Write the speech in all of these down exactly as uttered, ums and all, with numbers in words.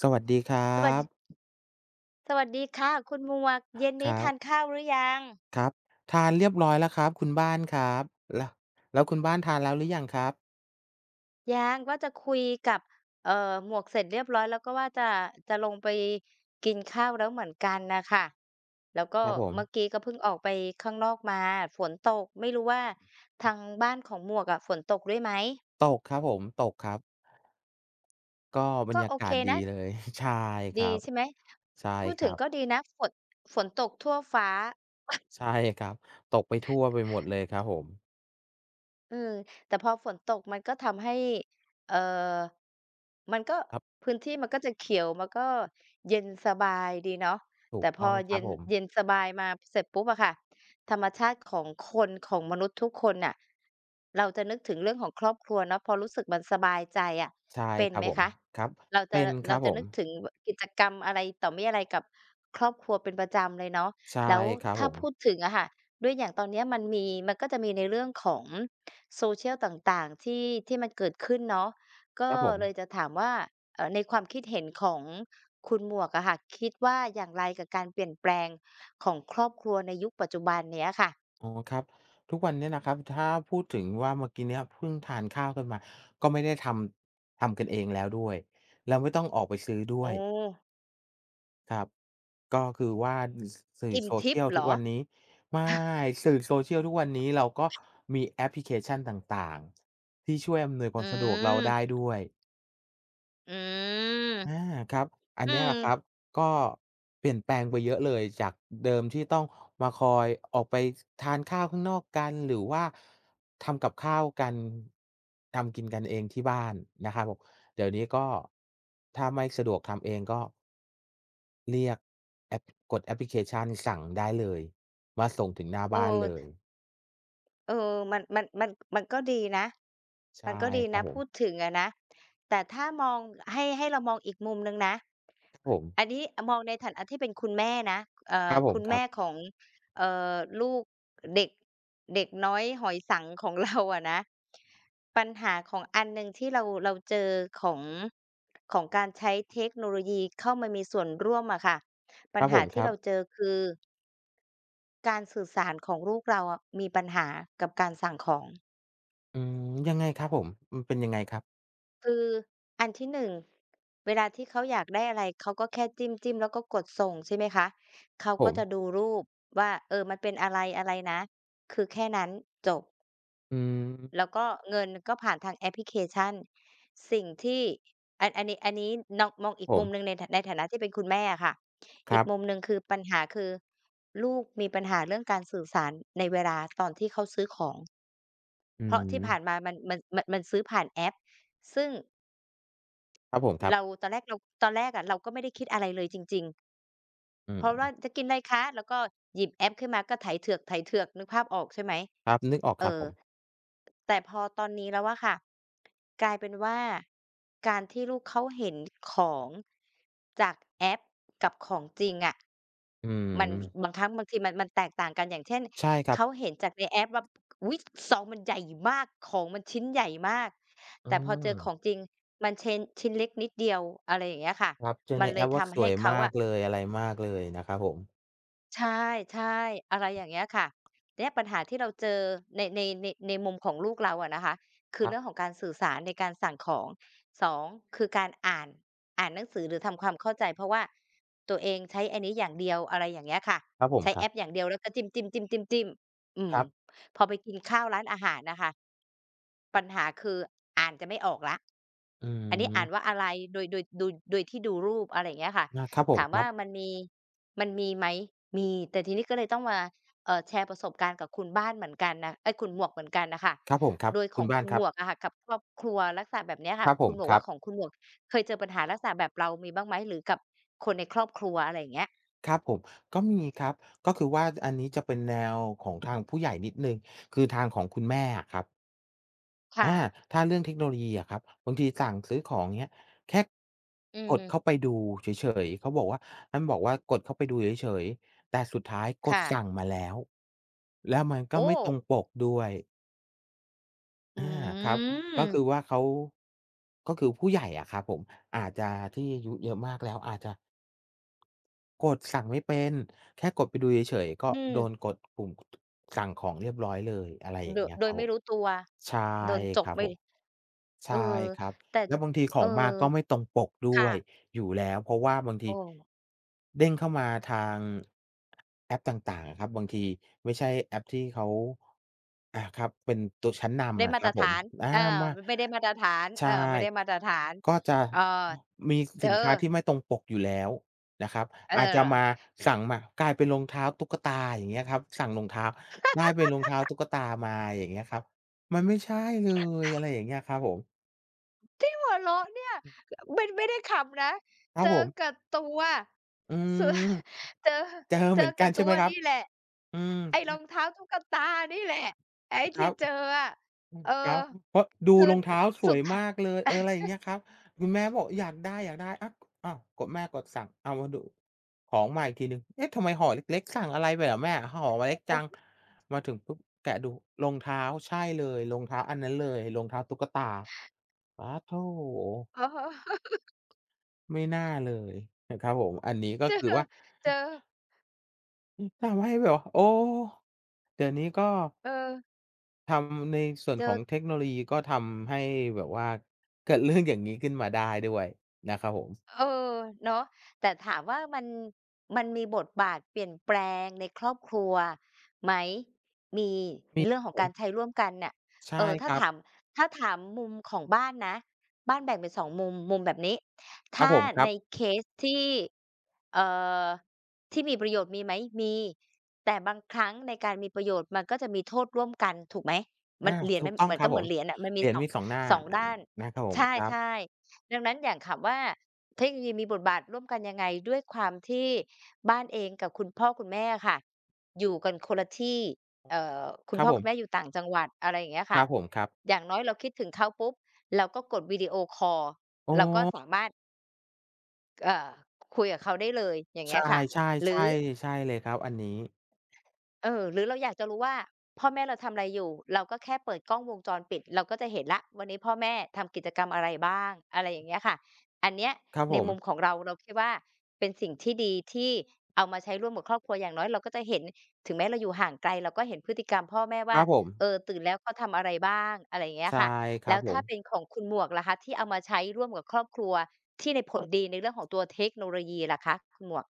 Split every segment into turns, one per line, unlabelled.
สวัสดีครั
สวัส ด
บ
สวัสดีค่ะคุณหมวก เย็นน
ค
ี้
รั
ท
บ
านข้าวหรือยัง?
ครับ ทานเรียบร้อยแล้วครับ คุณบ้านครับ แล้ว แล้วคุณบ้านทานแล้วหรือยังครับ?
ยัง ว่าจะคุยกับ เอ่อ หมวกเสร็จเรียบร้อยแล้ว ก็ว่าจะ จะลงไปกินข้าวแล้วเหมือนกันน่ะค่ะ แล้วก
ค
็
รับผ
เมื่อ
ม
กี้ก็เพิ่งออกไปข้างนอกมา ฝนตก ไม่รู้ว่า ทางบ้านของหมวกอะฝนตกด้วยไหม?
ตกครับผม ตกครับ ก็บร
ก็
รยา
โอ
ก
เค
าศดี
นะ
เลย ใช่ค
ด
ร
ี
ับ
ใช่ไหม?
ใช่
พูด
ค
ถ
ร
ึ
ั
ง
บ
ก็ดีนะ ฝน ฝนตกทั่วฟ้า
ใช่ครับ ตกไปทั่วไปหมดเลยครับผม
เออ แต่พอฝนตกมันก็ทำให้ เอ่อ มันก็
ครับ
พื้นที่มันก็จะเขียว มันก็เย็นสบายดีเนาะ
ถ
แ
ู
ต่
ก
พ
ต้
อ
อง
เ
ค
ย
รั
็
บ
น
ผม
เย็นสบายมาเสร็จปุ๊บอะค่ะ ธรรมชาติของคน ของมนุษย์ทุกคนน่ะ เราจะนึกถึงเรื่องของครอบครัวเนาะ พอรู้สึกมันสบายใจอะ
ใช่
เป็น
ครั
ไ
บ
หม
ผม
คะ?
ครับ
เรา
เ
จ
ป
ะ
็
ล
นค
เร
ร
า
ับ
จะ
ผ
นึ
ม
กถึง บ กิจกรรมอะไรต่อมิอะไรกับครอบครัวเป็นประจำเลยเนาะ
ใช่
แล้ว
ครับ
ถ้
ผ
าพู
ม
ดถึงอะค่ะ ด้วยอย่างตอนเนี้ยมันมี มันก็จะมีในเรื่องของ Social ต่าง ๆ ที่ ที่มันเกิดขึ้นเนาะ ก็
ครับผ
เล
ม
ยจะถามว่า เอ่อ ในความคิดเห็นของคุณหมวกอะค่ะ คิดว่าอย่างไรกับการเปลี่ยนแปลงของครอบครัวในยุคปัจจุบันเนี้ยค่ะ?
อ๋อ ครับ ทุกวันเนี้ยนะครับ ถ้าพูดถึงว่า เมื่อกี้เนี้ยพึ่งทานข้าวกันมา ก็ไม่ได้ทำ ทำกันเองแล้วด้วย แล้วไม่ต้องออกไปซื้อด
โ
้
อ
วย
้!
ครับ ก็คือว่า อือ ส สื่อ
อิ่มทิพย
Social
์เห
ทุ
ร
ก
อ?
วัน
อ
นี้ ไม่
า
สื่อ Social ทุกวันนี้ เราก็มีแอปพลิเคชันต่าง ๆ ที่ช่วยอำนวยค
อ
วามสะดวกเราไ
ืม
ด้ด้วย
อืม
อา ครับ อัน
อื
เนี้ยแ
ม
หละครับ ก็เปลี่ยนแปลงไปเยอะเลย จากเดิมที่ต้องมาคอยออกไป ซ ทานข้าวข้างนอกกัน หรือว่า ทำกับข้าวกัน ทำกินกันเองที่บ้านนะครับผม เดี๋ยวนี้ก็ ถ้าไม่สะดวกทำเองก็ เรียกแอป กดแอปพลิเคชันสั่งได้เลย มาส่งถึงหน้า
โอ
บ้านเ
้
ลย
เออ มัน มัน มัน มันก็ดีนะ
ใช
มั
่
นก็ดี
คร
น
ั
ะ
บผ
พ
ม
ูดถึงอะนะ แต่ถ้ามอง ให้ ให้เรามองอีกมุมหนึ่งนะ
ผม
อันนี้อะมองในฐานะที่เป็นคุณแม่นะ เอ่
ค
อ
รับผ
คุ
ม
ณ
ค
แม
รั
่
บ
ของ เอ่อ ลูก เด็ก เด็กน้อยหอยสังข์ของ เรา อะนะ ปัญหาของอันหนึ่งที่เรา เราเจอของ ของการใช้เทคโนโลยีเข้ามามีส่วนร่วมอะค่ะ ปั
ค
ญ
รับ
ห
ผ
า
ม
ที
ค
่
รั
เร
บ
าเจอคือ การสื่อสารของลูกเราอะ มีปัญหากับการสั่งของ
อืม ยังไงครับผม มันเป็นยังไงครับ?
คือ อันที่ หนึ่ง เวลาที่เขาอยากได้อะไร เขาก็แค่จิ้ม ๆ แล้วก็กดส่ง ใช่ไหมคะ เขา
ผ
ก็
ม
จะดูรูปว่า เออ มันเป็นอะไร ๆ นะ คือแค่นั้นจบ
อืม
แล้วก็เงินก็ผ่านทางแอปพลิเคชัน สิ่งที่ อัน อันนี้ อันนี้น้อง มองอีก
ผ
มุม
ม
หนึ่งใน ในฐานะที่เป็นคุณแม่อะค่ะ
ค
อ
ร
ี
ั
ก
บ
มุมหนึ่งคือปัญหาคือ ลูกมีปัญหาเรื่องการสื่อสารในเวลาตอนที่เขาซื้อของ
อื
เพราะที่ผ่า
ม
นมามัน มัน มัน มันซื้อผ่านแอป ซึ่ง
ครับผม ครั
เ
บ
รา ตอนแรกเรา ตอนแรกอะ เราก็ไม่ได้คิดอะไรเลยจริง ๆ
อื
เพราะว่า
ม
จะกินอะไรคะ แล้วก็หยิบแอปขึ้นมาก็ไถเถือก ๆ นึกภาพออก ใช่ไหม
ครับ นึกออก
เ
ค
อ
รับ
อ
ผม
แต่พอตอนนี้แล้วอะค่ะ กลายเป็นว่าการที่ลูกเขาเห็นของ จากแอปกับของจริงอะ
อื
มัน
ม
บางครั้งบางทีมัน มันแตกต่างกัน อย่างเช่น
ใช่ครั
เข
บ
าเห็นจากในแอปว่า อุ๊ย ซองมันใหญ่มาก ของมันชิ้นใหญ่มาก
อื
แต่พอเจอข
ม
องจริง มันเช้น ชิ้นเล็กนิดเดียว อะไรอย่างเงี้ยค่ะ
ครับ เจอ
มั
ใ
น
น
เล
แอ
ย
ปว
ท
่า
ำ
ส
ให้
วย
เขา
มา
อ
ก
ะ
เลย อะไรมากเลยนะครับผม
ใช่ ๆ อะไรอย่างเงี้ยค่ะ เดี๊ยบ ปัญหาที่เราเจอใน ใน ใน ในมุมของลูกเราอะนะคะ คื
ค
อ
ร
เร
ับ
ื่องของการสื่อสารในการสั่งของ สอง คือการอ่าน อ่านหนังสือหรือทำความเข้าใจ เพราะว่า ตัวเองใช้อันนี้อย่างเดียว อะไรอย่างเงี้ยค่ะ
ครับผ
ใ
ม
ช้
ค
แ
ร
อ
ับ
ปอย่างเดียวแล้วก็จิ้ม ๆ ๆ ๆ ๆ อื
ค
ม
รับ
พอไปกินข้าวร้านอาหารอะค่ะ ปัญหาคือ อ่านจะไม่ออกแล้ว
อื
อันนี้อ่าน
ม
ว่าอะไร โดย โดย ดู โดยที่ดูรูป อะไรอย่างเงี้ยค่ะ
อา ครับผ
ถ
ม
าม
ค
ว
ร
่
ั
า
บ
มันมี มันมีไหม? มี แต่ทีนี้ก็เลยต้องมา เอ่อ แชร์ประสบการณ์กับคุณบ้านเหมือนกันน่ะ เอ๊ย คุณหมวกเหมือนกันอะค่ะ
ครับผม ครับ
โดยข
คุ
อ
ณ
ง
บ้า
ค
น
ุณ
คร
ห
ั
ม
บ
วกอะค่ะ กับครอบครัวลักษะแบบเนี้ยค่
ค
ะ
รับผ
คุ
ม
ณหมว
ครั
ก
บ
ของคุณหมวก เคยเจอปัญหาลักษณะแบบเรา มีบ้างไหม? หรือกับคนในครอบครัว อะไรอย่างเงี้ย
ครับผม ก็มีครับ ก็คือว่า จ อันนี้จะเป็นแนวของทางผู้ใหญ่นิดหนึ่ง คือทางของคุณแม่อะครับ
ค
อ
่
า
ะ
ถ้าเรื่องเทคโนโลยีอะครับ บางทีสั่งซื้อของ อย่างเงี้ย แค่
อื
กดเข้
ม
าไปดูเฉย ๆ เขาบอกว่า ท่านบอกว่ากดเข้าไปดูเฉย ๆ แต่สุดท้ายก
ค
ด
่
ส
ะ
ั่งมาแล้ว แล้วมันก
โ
็
อ้!
ไม่ตรงปกด้วย
อ
อ
ื
า ครับ ก็ค
ม
ือว่าเขา ก็คือผู้ใหญ่อะครับผม อาจจะที่อายุเยอะมากแล้วอาจจะ กดสั่งไม่เป็น แค่กดไปดูเฉย ๆ ก็
อื
โด
ม
นกดปุ่ม สั่งของเรียบร้อยเลย อะไรอย
โด
่างเ
ย
งี้ย
โด
ค
ย
รับ
ไม
ผ
่
ม
รู้ตัว
ใช่
โดนจ
ค
ก
รับ
ไป
ผม ใ
เอ
ช
อ
่ครับ
แต่
แล้วบางทีข
เอ
อ
อ
งมาก็ไม่ตรงปกด
ค
้
่
วย
ะ
อยู่แล้ว เพราะว่าบางท
โอ
ี
้
เด้งเข้ามาทาง แอปต่าง ๆ ครับ บางทีไม่ใช่แอปที่เขา อ่า ครับ เป็นตัวชั้นน
ได้
ำอะ
มา
ค
ต
รั
ร
บ
ฐ
ผม
าน
อ่า
เออ
มา
ไม่ได้มาตรฐาน
ใ
เ
ช
อ
่
อ ไม่ได้มาตรฐาน
ก็จะ
อ่า
มี
เจ
ส
อ
ินค้าที่ไม่ตรงปกอยู่แล้วนะครับ
เ
อาจจะม
ออ
า สั่งมากลายเป็นรองเท้าตุ๊กตา อย่างเงี้ยครับ สั่งรองเท้าได้เป็นรองเท้าตุ๊กตามา อย่างเงี้ยครับ มันไม่ใช่เลย อะไรอย่างเงี้ยครับผม
ที่หัวเราะเนี่ย
อืม
คืออะ ไม่ ไม่ได้ขำนะ
ครั
เจ
บ
อ
ผม
กับตัว
อื
สุ
ม
ด เจอ
เจอ
เจ
เห
อ
มือน
ก
กั
ับ
นใ
ต
ช่
ั
ไห
ว
มครั
น
บ?
ี่แหละ
อืม
ไอ้รองเท้าตุ๊กตานี่แหละ ไอ้
ค
ท
ร
ี่
ับ
เจออะ
อือ
เออ
ครับ อือ เพราะดู
คือ
รองเ
ด
ท้าส
สุ
ว
ด
ย
อ
ม
ะ
ากเลย เออ อะไรอย่างเงี้ยครับ คุณแม่บอก "อยากได้ ๆ" อะ อ้าว กดแม่กดสั่งเอามาดูของมาอีกทีหนึ่ง เอ๊ะ ทำไมห่อเล็ก ๆ สั่งอะไรไปเหรอแม่ห่อ
อะ
ม
ฮ
าเล็กจั
ะ
ง
ๆ
มาถึงปุ๊บแกะดูรองเท้าใช่เลย รองเท้าอันนั้นเลย รองเท้าตุ๊กตา ปัดโธ่
อ๋อ
ไม่น่าเลย อือ ครับผม อันนี้ก็
เจอ
คือว่า
เจ
อื
อ
อ อืม ทำให้แบบ โอ้! เดี๋ยวนี้ก็
เออ
ทำในส่ว
เ
น
จ
ขอ
อ
งเทคโนโลยี ก็ทำให้แบบว่า เกิด เรื่อง อย่างงี้ขึ้นมาได้ด้วยนะครับผม
เออ เนาะ แต่ถามว่ามัน มันมีบทบาทเปลี่ยนแปลงในครอบครัวไหม? มี
มี
เรื่องขอ
ผ
งกา
ม
รใช้ร่วมกันเนี่ย
ใช
เ
่
อ่อ ถ
ค
้า
รั
ถ
บ
าม ถ้าถามมุมของบ้านนะ บ้านแบ่งเป็น สอง มุม มุมแบบนี้ ถ
ครั
้
บ
า
ผม คร
ใ
ั
น
บ
เคสที่ เอ่อ ที่มีประโยชน์ มีไหม? มี แต่บางครั้งในการมีประโยชน์ มันก็จะมีโทษร่วมกัน ถูกไหม
อ
ม
า
ัน เหรียญ
สู
มั
ก
น
ต้อง
มัน
ค
ก
รั
็
บ
เห
ผ
มือ
ม
นเหรียญอะ มัน
เห
ม
ร
ี
ียญ
สอง
มี สอง หน้า
สอ
น
ง
นะ
ด้าน
ครับผ
ใ
ม ครั
ช
บ
่ ๆ ดังนั้นอย่างถามว่า เทคโนโลยีมีบทบาทร่วมกันยังไง? ด้วยความที่บ้านเองกับคุณพ่อคุณแม่อะค่ะ อยู่กันคนละที่ เอ่อ คุ
ค
ณ
รั
พ่
บ
อ
ผ
คุณแ
ม
ม่อยู่ต่างจังหวัด อะไรอย่างเงี้ยค
ค
่
รั
ะ
บผม ครับ
อย่างน้อยเราคิดถึงเขาปุ๊บ เราก็กดวิดีโอคอล
อ๋
เราก็
อ
สามารถ เอ่อ คุยกับเขาได้เลย อย่างเ
ใช
งี้ย
่
ค่ะ หรือ
ๆ ๆ ใช่เลยครับ อันนี้
เอ่อ หรือเราอยากจะรู้ว่า พ่อแม่เรา ทำอะไรอยู่ เราก็แค่เปิดกล้องวงจรปิด เราก็จะเห็นแล้ว วันนี้พ่อแม่ทำกิจกรรมอะไรบ้าง อะไรอย่างเงี้ยค่ะ อันเนี้ย
ครับ
ใน
ผ
มุ
ม
มของเรา เราคิดว่าเป็นสิ่งที่ดี ที่เอามาใช้ร่วมกับครอบครัว อย่างน้อยเราก็จะเห็น ถึงแม้เราอยู่ห่างไกล เราก็เห็นพฤติกรรมพ่อแม่ว
ค
่า
รับผม
เออ ตื่นแล้วเขาทำอะไรบ้าง อะไรอย่างเงี้ย
ใช
อ
่
ะค่ะ
ค
แ
ร
ล
ั
้
บ
ว
ผ
ถ้าเ
ม
ป็นของคุณหมวกล่ะคะ ที่เอามาใช้ร่วมกับครอบครัว ที่ได้ผลดีในเรื่องของตัวเทคโนโลยีล่ะคะ คุณหมวก?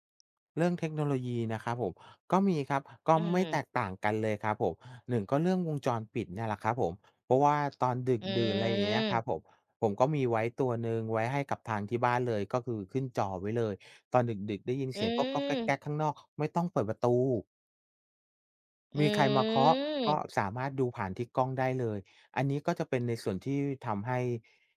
เรื่องเทคโนโลยีนะครับผม ก็มีครับ ก็
อื
ไม่
ม
แตกต่างกันเลยครับผม หนึ่ง ก็เรื่องวงจรปิดเนี่ยแหละครับผม เพราะว่าตอนดึ
อ
กดื่น ไรเงี้ยค
ื
รั
ม
บผม ผมก็มีไว้ตัวหนึ่ง ไว้ให้กับทางที่บ้านเลย ก็คือขึ้นจอไว้เลย ตอนดึก ๆ ได้ยิน
อ
เสียงก๊อก ๆ แก
ืม
็ก ๆ ข้างนอก ไม่ต้องเปิดประตู
อ
มีใครมาเคาะ ก
ืม
็สามารถดูผ่านที่กล้องได้เลย อันนี้ก็จะเป็นในส่วนที่ทำให้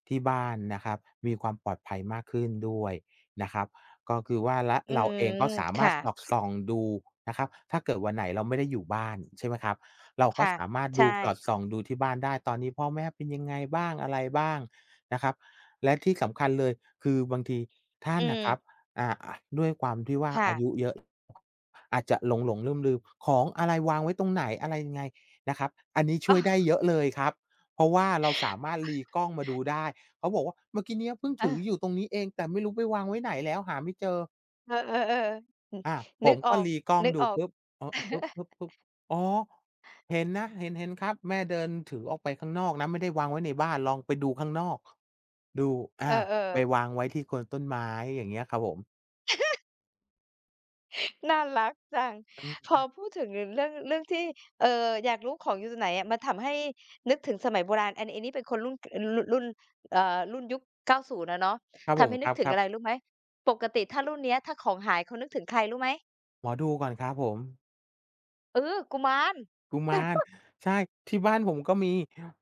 ที่บ้านนะครับ มีความปลอดภัยมากขึ้นด้วยนะครับ ก็คือว่า และ
อื
เราเอง
ม
ก็สา
ค
มา
่
ร
ะ
ถสอดส่องดูนะครับ ถ้าเกิดวันไหนเราไม่ได้อยู่บ้าน ใช่ไหมครับ เรา
ค
ก็
่ะ
สามารถ
ใ
ด
ช
ู
่
สอดส่องดูที่บ้านได้ ตอนนี้พ่อแม่เป็นยังไงบ้าง อะไรบ้างนะครับ และที่สำคัญเลย คือบางทีท่
อ
า
ื
นน่ะค
ม
รับ อา ด้วยความที่ว่า
ค่
อา
ะ
ยุเยอะ อาจจะหลง ๆ ลืม ๆ ของอะไรวางไว้ตรงไหน อะไรยังไงนะครับ อันนี้ช
อ
่
้
วยได้
อ
เยอะเลยครับ เพราะว่าเราสามารถรีกล้องมาดูได้ เขาบอกว่า "เมื่อกี้เนี้ยเพิ่งถ
เ
ือ
ออ
อยู่ตรงนี้เอง แต่ไม่รู้ไปวางไว้ไหนแล้วหาไม่เจอ"
เออ ๆ ๆ ฮึ
อา ผ
นึก
ม
อ
ก
อ
็รีกล้องดูป
ก
ุ
ๆ
๊บ เอ่อ พึ่บ ๆ ๆ อ๋อ! เห็นนะ เห็น เห็นครับ แม่เดินถือออกไปข้างนอกนะ ไม่ได้วางไว้ในบ้าน ลองไปดูข้างนอก ดู อ
เอ
า
อ
ไป
ๆ
วางไว้ที่โคนต้นไม้ อย่างเงี้ยครับผม
น่ารักจัง
อืม
พ
ค
อ
รับ
พูดถึงเรื่อง เรื่องที่ เออ อยากรู้ของอยู่ตรงไหนอะ มันทำให้นึกถึงสมัยโบราณอัน อันนี่เป็นคนรุ่น เออ ร รุ่น เออ รุ่นยุค เก้าศูนย์ อะเนาะ
ครับ
ท
ผ
ำใ
ม
ห้น
ค
ึกถึง
รั
อ
บ
ะ
ๆ
ไรรู้ไหม? ปกติถ้ารุ่นนี้ถ้าของหายเขานึกถึงใครรู้ไหม?
หมอดูก่อนครับผม
เออ กุมาร
กุมาร ใช่ ที่บ้านผมก็มี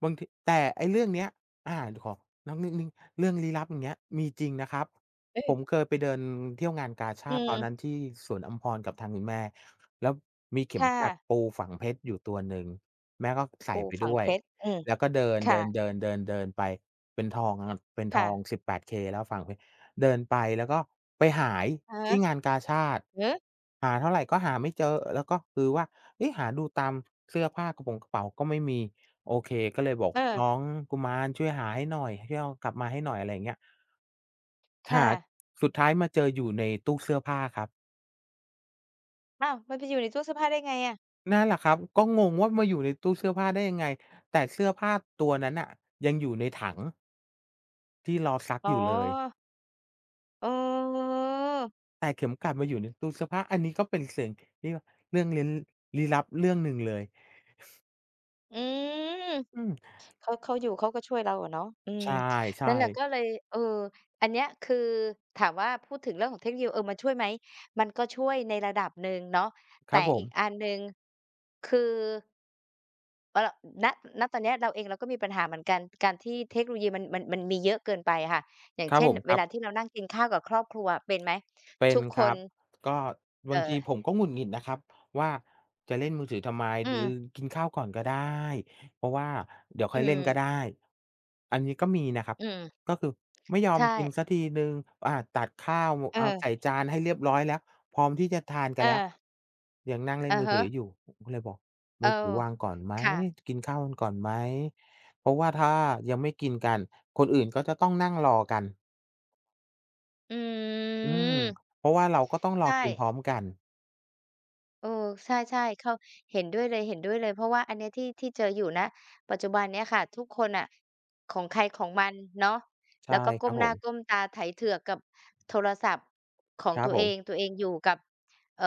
บางที แต่ไอ้เรื่องเนี้ย อา ขอ นอกนิดหนึ่งเรื่องลี้ลับอย่างเงี้ยมีจริงนะครับ
อื
ผ
อ
มเคยไปเดินเที่ยวงานกาช
อื
าดตอนน
ม
ั้นที่สวนอัมพรกับทางคุณแม่ แล้วมีเข
ค
็ม
่
กลัด
ะ
ปูฝังเพชรอยู่ตัวหนึ่ง แม่ก็ใส
ป
่
ู
ไป
ฝั
ด
ง
้ว
เพ
ย
ชร อืม
แล้วก็เด
ค่ะ
ิน ๆ ๆ ๆ ๆ ไปเป็นทองครับ เป็น
ค
ท
่
อง
ะ
สิบแปด เค แล้วฝังเพชร เดินไปแล้วก็ไปหาย
อือฮ
ท
ึ
ี่งานกาชาด
หือ
หาเท่าไรก็หาไม่เจอแล้วก็คือว่า เอ๊ะ หาดูตามเสื้อผ้ากระป่งกระเป๋าก็ไม่มี โอเคก็เลยบอกน
เออ
้องกุมารช่วยหาให้หน่อย ช่วยเอากลับมาให้หน่อย อะไรอย่างเงี้ย
ค
ห
่
า
ะ
สุดท้ายมาเจออยู่ในตู้เสื้อผ้าครับ
อ้าว มันไปอยู่ในตู้เสื้อผ้าได้ไงอะ?
นั่นแหละครับ ก็งงว่ามาอยู่ในตู้เสื้อผ้าได้ยังไง? แต่เสื้อผ้าตัวนั้นน่ะ ยังอยู่ในถัง ที่รอซัก
อ๋
อย
อ
ู่เลย
เออ
แต่เข็มกลัดมาอยู่ในตู้เสื้อผ้า อันนี้ก็เป็นเสียง เรื่อง เรื่องเร้น ลี้ลับเรื่องหนึ่งเลย
อืม
อืม
เขา เขาอยู่เขาก็ช่วยเราอะเนาะ อืม
ใช
น
่
ั่นแหละ
ๆ
ก็เลย เออ อันเนี้ยคือถามว่า พูดถึงเรื่องของเทคโนโลยี เออ มันช่วยไหม มันก็ช่วยในระดับหนึ่งเนาะ แ
ค
ต
ร
่
ับผ
อี
ม
กอันหนึ่ง คือ เอ่อ ณ ณ ตอนเนี้ยเราเองเราก็มีปัญหาเหมือนกัน การที่เทคโนโลยีมัน มัน มันมีเยอะเกินไปอะค่ะ อย่าง
คร
เ
ั
ช
บ
่
ผ
น
ม ค
เว
รั
ล
บ
าที่เรานั่งกินข้าวกับครอบครัว เป็นไหม?
เป็
ท
น
ุกค
ครั
น
บ ก็บ
เอ
า
่
งทีผม
อ
ก็หงุดหงิดนะครับว่า จะเล่นมือถือทำไม
อื
ดื
ม
อ กินข้าวก่อนก็ได้ เพราะว่าเดี๋ยว
อ
ค
ื
่อยเล่นก็
ม
ได้ อันนี้ก็มีนะครับ
อืม
ก็คือไม่ยอ
ใช
มกิ
่
นสักทีหนึ่ง อา ตัดข้าวเอา
เออ
ใส่จานให้เรียบร้อยแล้ว พร้อมที่จะทานกันแล้ว
เออ
ยังนั่งเล่
อ
น
ะ
มือ
ฮ
ถือ
ะ
อยู่ ผมก็เลยบอกม
โอ้
ือถือวางก่อนไหม
ค่ะ
กินข้าวกันก่อนไหม เพราะว่าถ้ายังไม่กินกัน คนอื่นก็จะต้องนั่งรอกัน
อื
อืม
ม
เพราะว่าเราก็ต้องร
ใช
อกิน
่
พร้อมกัน
เออ ใช่ ๆ เขา เห็นด้วยเลย ๆ เพราะว่าอันเนี้ยที่ ที่เจออยู่ ณ ปัจจุบันเนี้ยค่ะ ทุกคนน่ะ ของใครของมันเนาะ
ใช
แล้
่
วก็ก
คร
้
ั
ม
บ
ห
ผ
น้า
ม
ก้มตาไถเถือกกับโทรศัพท์ของ
ครั
ตั
บ
ว
ผ
เอ
ม
ง ตัวเองอยู่กับ เอ่อ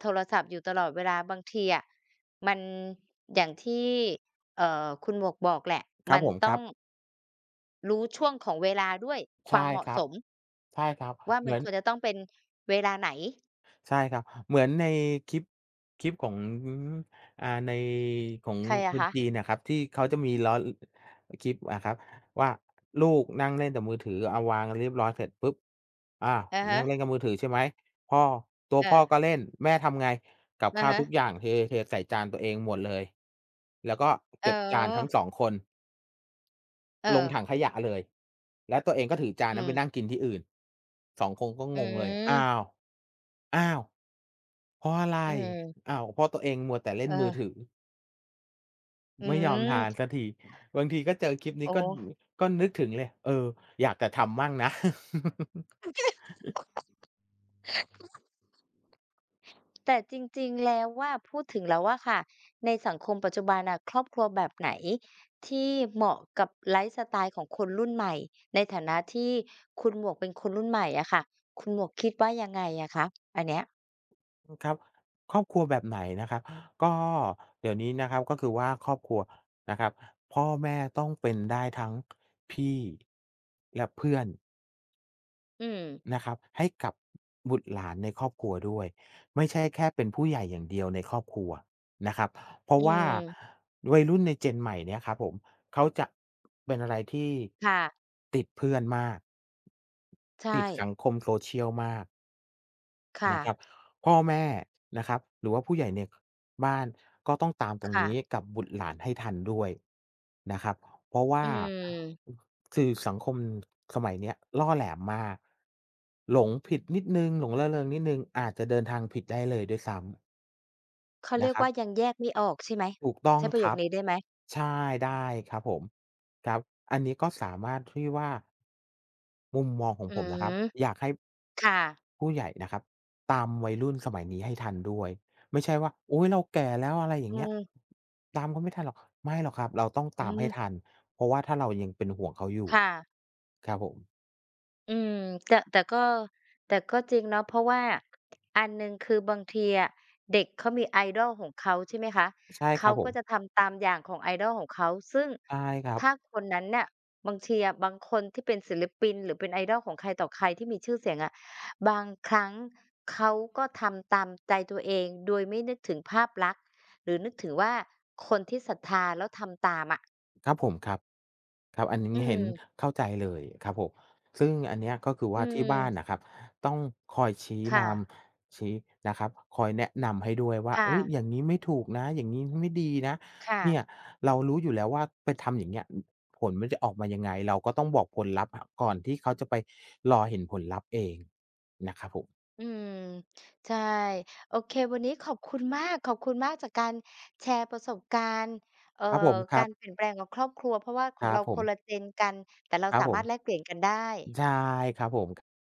โทรศัพท์อยู่ตลอดเวลาบางทีอะ มันอย่างที่ เอ่อ คุณหมวกบอกแหละ
ค
ม
รั
ั
บ
น
ผม
ต้
คร
อ
ั
ง
บ
รู้ช่วงของเวลาด้วย
ใ
ค
ช
ว
่
ามเหมา
ค
ะ
รั
ส
บ
ม
ใช่ครับ
ว่า
เ
ม
ห
ั
มื
น
อ
ค
น
วรจะต้องเป็นเวลาไหน?
ใช่ครับ เหมือนในคลิป คลิปของ อ่า ในของ
ใครอ
ค
ะค
น
ะ?
จีนอะครับ ที่เขาจะมีล้อ ล คลิปอะครับว่า ลูกนั่งเล่นแต่มือถือ เอาวางเรียงเรียบร้อยเสร็จปุ๊บ อา
อะฮ
นั
ะ
่งเล่นกับมือถือ ใช่ไหม พ่อ ตัว
เ
พ่อก
ออ
็เล่น แม่ทำไง กับ
อ
ข
ะ
้าว
ฮ
ทุก
ะ
อย่าง เท ๆ ใส่จานตัวเองหมดเลย แล้วก็เ
อ
ก
๋
็บจานทั้
อ
ง สอง คน
เ
ลง
ออ
ถังขยะเลย แล้วตัวเองก็ถือจาน
อื
นั้นไป
ม
นั่งกินที่อื่น สอง คงก็
อ
งงเลย "อ้
ืม
าว อ้าว! เพราะอะไร?"
อืม
อ้าว เพราะตัวเองมัวแต่เล่น
เ
มือถ
ออ
ือ
อื
ไม่ยอมทาน
ม
สักที บางทีก็เจอคลิปนี
อ
้
๋
ก็ อื้อฮ
อ
ือ ก็นึกถึงเลย เออ อยากจะทำบ้างนะ
แต่จริง ๆ แล้วว่า พูดถึงแล้วอะค่ะ ในสังคมปัจจุบันอะ ครอบครัวแบบไหนที่เหมาะกับไลฟ์สไตล์ของคนรุ่นใหม่ ในฐานะที่คุณหมวกเป็นคนรุ่นใหม่อะค่ะ คุณหมวกคิดว่ายังไงอะคะ? อันเนี้ย
อ ครับ ครอบครัวแบบไหนนะครับ ก็เดี๋ยวนี้นะครับ ก็คือว่าครอบครัวนะครับ พ่อแม่ต้องเป็นได้ทั้ง พี่ และเพื่อน
อืม
นะครับ ให้กับบุตรหลานในครอบครัวด้วย ไม่ใช่แค่เป็นผู้ใหญ่อย่างเดียวในครอบครัวนะครับ เพรา
อ
ะว่า
ืม
วัยรุ่นในเจนใหม่เนี่ยครับผม เขาจะ เป็นอะไรที่
ค่ะ
ติดเพื่อนมาก
ใช
ติดส
่
ังคม Social มาก
ค่
นะคร
ะ
ับ พ่อแม่นะครับ หรือว่าผู้ใหญ่ใน บ้าน ก็ต้องตามตร
ค
ง
่
นี
ะ
้กับบุตรหลานให้ทันด้วยนะครับ เพราะว่
อ
า
ืม
สื่อสังคมสมัยเนี้ยล่อแหลมมาก หลงผิดนิดหนึ่ง หลงระเริงนิดหนึ่ง อาจจะเดินทางผิดได้เลยด้วยซ้ำ
เขาเ
น
รี
ะ
ยก
ครั
ว
บ
่า ยังแยกไม่ออกใช่ไหม?
ถูกต้อ
ใ
ง
ช้ประโย
คร
ค
ับ
นี้ได้ไหม?
ใช่ ได้ครับผม ครับ อันนี้ก็สามารถที่ว่า มุมมองของ
อื
ผมนะค
ม
รับ อยากให้
ค่ะ
ผู้ใหญ่นะครับ ตามวัยรุ่นสมัยนี้ให้ทันด้วย ไม่ใช่ว่า อุ๊ย! เราแก่แล้ว อะไรอย
อ
่
ื
างเงี้ย
ม
ตามเขาไม่ทันหรอก ไม่หรอกครับ เราต้อง
อื
ตามให้
ม
ทัน เพราะว่าถ้าเรายังเป็นห่วงเขาอยู่
ค่ะ
ครับผม
อืม แต่ แต่ก็ แต่ก็จริงเนาะ เพราะว่า อันหนึ่งคือบางทีอะ เด็กเขามี idol ของเขา ใช่ไหมคะ
ใช่
เข
คร
า
ับผ
ก็
ม
จะทำตามอย่างของ idol ของเขา ซึ่ง
ใช่ครั
ถ
บ
้าคนนั้นน่ะ บางทีอะ บางคนที่เป็นศิลปิน หรือเป็น idol ของใครต่อใครที่มีชื่อเสียงอะ บางครั้งเขาก็ทำตามใจตัวเอง โดยไม่นึกถึงภาพลักษณ์ หรือนึกถึงว่า คนที่ศรัทธาแล้วทำตามอะ
ครับผม ครับ ครับ อันหนึ่ง
อื
เห็น
ม
เข้าใจเลยครับผม ซึ่งอันเนี้ย ก็คือว
อื
่าที่บ้าน
ม
น่ะครับ ต้องคอยชี้
ค
น
่ะ
ำ ชี้ นะครับ คอยแนะนำให้ด้วยว่า
ค่
"เฮ้
ะ
ย! อย่างงี้ไม่ถูกนะ อย่างงี้ไม่ดีนะ"
ค่
เนี่ย
ะ
เรารู้อยู่แล้วว่า ไปทำอย่างเงี้ย อ ผลมันจะออกมายังไง เราก็ต้องบอกผลลัพธ์ ก่อนที่เขาจะไปรอเห็นผลลัพธ์เองนะครับผม
อืม ใช่ โอเค วันนี้ขอบคุณมาก ขอบคุณมากจากการแชร์ประสบการณ์ เอ่อ
ครับผม ค
ก
ร
า
ับ
รเปลี่ยนแปลงของครอบครัว เพราะว่าข
ค
อ
ร
ง
ั
เร
บ
า
ผ
ค
ม
นละ Gen กัน แต่เรา
ครั
ส
บ
า
ผ
มา
ม
รถแลกเปลี่ยนกันได้
ใช่ครับผม ก